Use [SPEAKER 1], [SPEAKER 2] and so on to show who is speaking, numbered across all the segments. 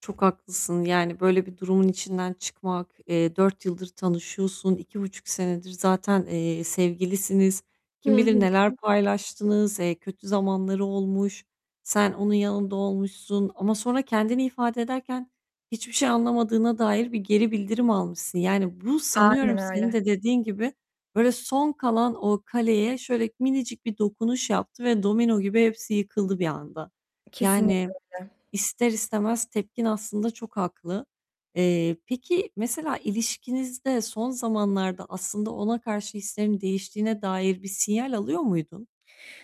[SPEAKER 1] Çok haklısın. Yani böyle bir durumun içinden çıkmak, eee, 4 yıldır tanışıyorsun. 2,5 senedir zaten, eee, sevgilisiniz.
[SPEAKER 2] Hı
[SPEAKER 1] Kim bilir
[SPEAKER 2] hı.
[SPEAKER 1] neler paylaştınız. Eee, kötü zamanları olmuş. Sen onun yanında olmuşsun ama sonra kendini ifade ederken hiçbir şey anlamadığına dair bir geri bildirim almışsın yani bu
[SPEAKER 2] Aynen
[SPEAKER 1] sanıyorum senin
[SPEAKER 2] öyle.
[SPEAKER 1] de dediğin gibi böyle son kalan o kaleye şöyle minicik bir dokunuş yaptı ve domino gibi hepsi yıkıldı bir anda.
[SPEAKER 2] Kesinlikle
[SPEAKER 1] Yani,
[SPEAKER 2] öyle.
[SPEAKER 1] ister istemez tepkin aslında çok haklı. Eee, peki, mesela ilişkinizde son zamanlarda aslında ona karşı hislerin değiştiğine dair bir sinyal alıyor muydun?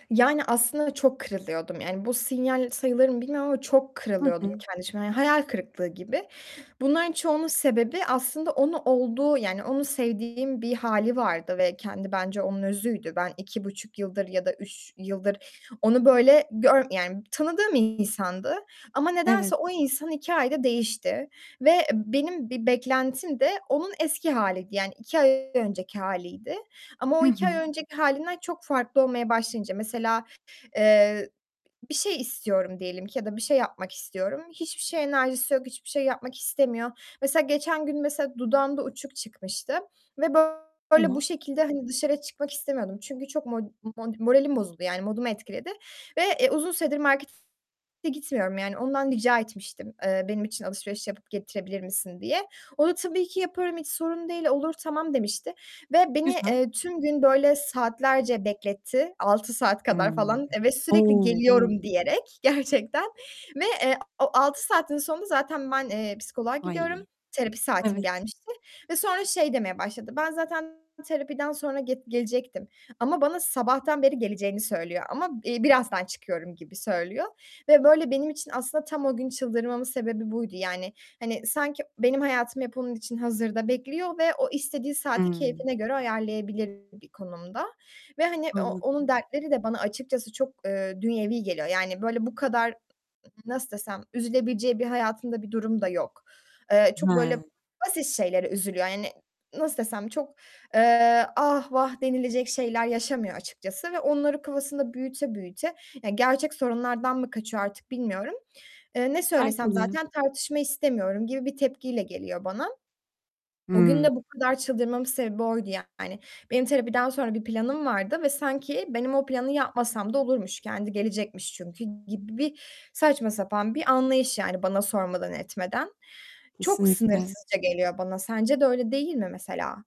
[SPEAKER 2] Yani aslında çok kırılıyordum, yani bu sinyal sayılır mı bilmiyorum ama çok
[SPEAKER 1] Hı
[SPEAKER 2] kırılıyordum
[SPEAKER 1] hı.
[SPEAKER 2] kendi içimde yani hayal kırıklığı gibi. Bunların çoğunun sebebi aslında onu olduğu yani onu sevdiğim bir hâli vardı ve kendi bence onun özüydü. Ben 2.5 yıldır ya da 3 yıldır onu böyle gör yani tanıdığım insandı ama nedense
[SPEAKER 1] Evet.
[SPEAKER 2] o insan 2 ayda değişti ve benim bir beklentim de onun eski haliydi, yani, 2 ay önceki haliydi ama o
[SPEAKER 1] Hı
[SPEAKER 2] 2 ay
[SPEAKER 1] hı.
[SPEAKER 2] önceki halinden çok farklı olmaya başlayınca mesela, eee, bir şey istiyorum diyelim ki ya da bir şey yapmak istiyorum. Hiçbir şeye enerjisi yok, hiçbir şey yapmak istemiyor. Mesela geçen gün, mesela, dudağımda uçuk çıkmıştı ve böyle bu
[SPEAKER 1] Tamam.
[SPEAKER 2] şekilde hani dışarı çıkmak istemiyordum çünkü çok mod mod moralim bozuldu yani modumu etkiledi ve, eee, uzun süredir markete gitmiyorum yani ondan rica etmiştim, eee, "Benim için alışveriş yapıp getirebilir misin?" diye. O da "Tabii ki yaparım, hiç sorun değil, olur, tamam." demişti ve beni
[SPEAKER 1] Güzel.
[SPEAKER 2] eee, tüm gün böyle saatlerce bekletti 6 saat kadar
[SPEAKER 1] Imm.
[SPEAKER 2] falan, eve sürekli
[SPEAKER 1] O! O!
[SPEAKER 2] geliyorum diyerek gerçekten ve eee, o 6 saatin sonunda zaten ben, eee, psikoloğa gidiyorum,
[SPEAKER 1] Ay,
[SPEAKER 2] terapi saatim
[SPEAKER 1] evet.
[SPEAKER 2] gelmişti ve sonra şey demeye başladı, ben zaten terapiden sonra get gelecektim ama bana sabahtan beri geleceğini söylüyor ama, iii, birazdan çıkıyorum gibi söylüyor ve böyle benim için aslında tam o gün çıldırmamın sebebi buydu. Yani, hani sanki benim hayatım hep onun için hazırda bekliyor ve o istediği saati
[SPEAKER 1] Hıı.
[SPEAKER 2] keyfine göre ayarlayabilir bir konumda ve hani o onun
[SPEAKER 1] Anladım.
[SPEAKER 2] dertleri de bana açıkçası çok, eee, dünyevi geliyor, yani böyle bu kadar, nasıl desem, üzülebileceği bir hayatında bir durum da yok. Eee, çok böyle
[SPEAKER 1] He.
[SPEAKER 2] basit şeylere üzülüyor yani, nasıl desem, çok eee, ah vah denilecek şeyler yaşamıyor açıkçası ve onları kafasında büyüte büyüte, yani gerçek sorunlardan mı kaçıyor artık bilmiyorum. Eee, ne
[SPEAKER 1] Belki
[SPEAKER 2] söylesem
[SPEAKER 1] de.
[SPEAKER 2] zaten tartışma istemiyorum gibi bir tepkiyle geliyor bana. O gün
[SPEAKER 1] Hıı.
[SPEAKER 2] de bu kadar çıldırmamın sebebi oydu yani. Benim terapiden sonra bir planım vardı ve sanki benim o planı yapmasam da olurmuş, kendi gelecekmiş çünkü gibi bir saçma sapan bir anlayış yani bana sormadan etmeden. Çok
[SPEAKER 1] Kesinlikle.
[SPEAKER 2] sınırsızca geliyor bana. Sence de öyle değil mi mesela?